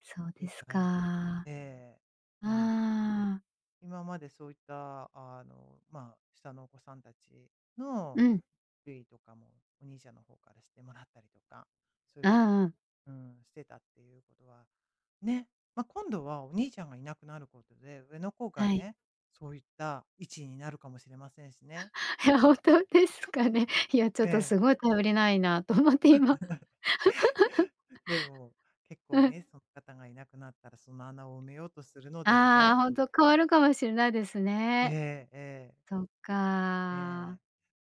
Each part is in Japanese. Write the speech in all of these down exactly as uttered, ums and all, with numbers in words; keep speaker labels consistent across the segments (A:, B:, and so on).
A: そう
B: い
A: で
B: っ
A: す
B: ぱ
A: か。
B: い
A: あ
B: ええ、なの
A: あ。
B: 今までそういったあの、まあ、下のお子さんたち
A: う
B: の、
A: ん。
B: ゆいとかも、お兄ちゃんの方からしてもらったりとか、そういう
A: あ、
B: ふう
A: うん。
B: うん、してたっていうことは、ね、ま、今度はお兄ちゃんがいなくなることで、上の子が
A: はい。
B: ね、そういった位置になるかもしれませんしね。
A: いや、本当ですかね。いや、ちょっ
B: え
A: と
B: え。
A: すごい頼りないなと思って今。
B: でも、結
A: う
B: 構
A: ん。
B: ね、そん方がいなくなったらその穴を埋めようとするので
A: あ
B: ね。
A: あ、ほんと変わるかもしれないですね。
B: ええ、ええ。
A: そっか、
B: ええ、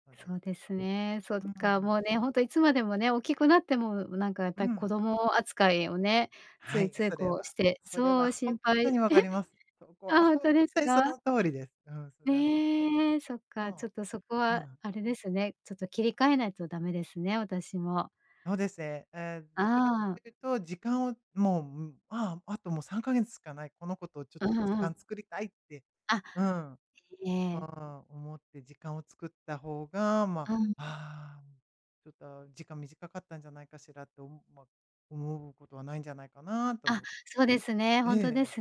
B: そうで
A: そうですね。そっ
B: う
A: か、
B: ん。
A: もうね、ほんといつまでもね、大きくなっても、うなんかやっ
B: う
A: ぱり子
B: ん。
A: 供扱いをね、つ
B: は
A: い
B: い、
A: つい
B: それ
A: こう
B: は
A: して、
B: それ
A: そ
B: は
A: う
B: ほ
A: 心
B: んと
A: 配
B: に分かり ます。そこ
A: あ、
B: は
A: ほん
B: ほ
A: と
B: ん
A: です
B: とにそ
A: か？
B: の通りです。うん、それはそう。
A: え、そっか、ちょ
B: そ
A: っとそこ
B: う。う
A: は
B: ん。
A: あれですね、ちょっと切り替えないとダメですね、私も。
B: そうでせ。ええ、どちら
A: ああ。
B: というと時間を、もう、ん、まあ、「あともうさんかげつしかない。この子とちょっ
A: う
B: と時
A: んうん。
B: 間作りたい」って、
A: あ、
B: うん。あ
A: えええ。
B: あ、思って時間を作った方が、ま、
A: うん。
B: 「あ、ちょっと時間短かったんじゃないかしら」と、ま、思うことはないんじゃないかなと
A: あ、
B: お
A: そうですね。ほ
B: え
A: んとで
B: え。
A: す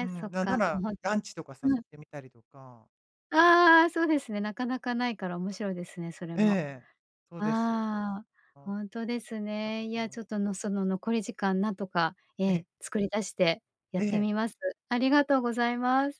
B: う
A: そ
B: ん、
A: っ
B: なんな
A: か、も
B: ら
A: うほん
B: ラ
A: と
B: ンチとか誘っ
A: うん。
B: てみたりとか。
A: ああ、そうですね。なかなかないから面白いですね、それ
B: え
A: も。
B: え、そうですよ。
A: ああ、
B: おん
A: ほんとです
B: た
A: ね。
B: こ
A: い
B: と
A: や
B: も。
A: ちょっとの、その残り時間何とか、え
B: ええ。
A: え、作り出してやっ
B: え
A: て
B: え。
A: みます。ありがとうございます。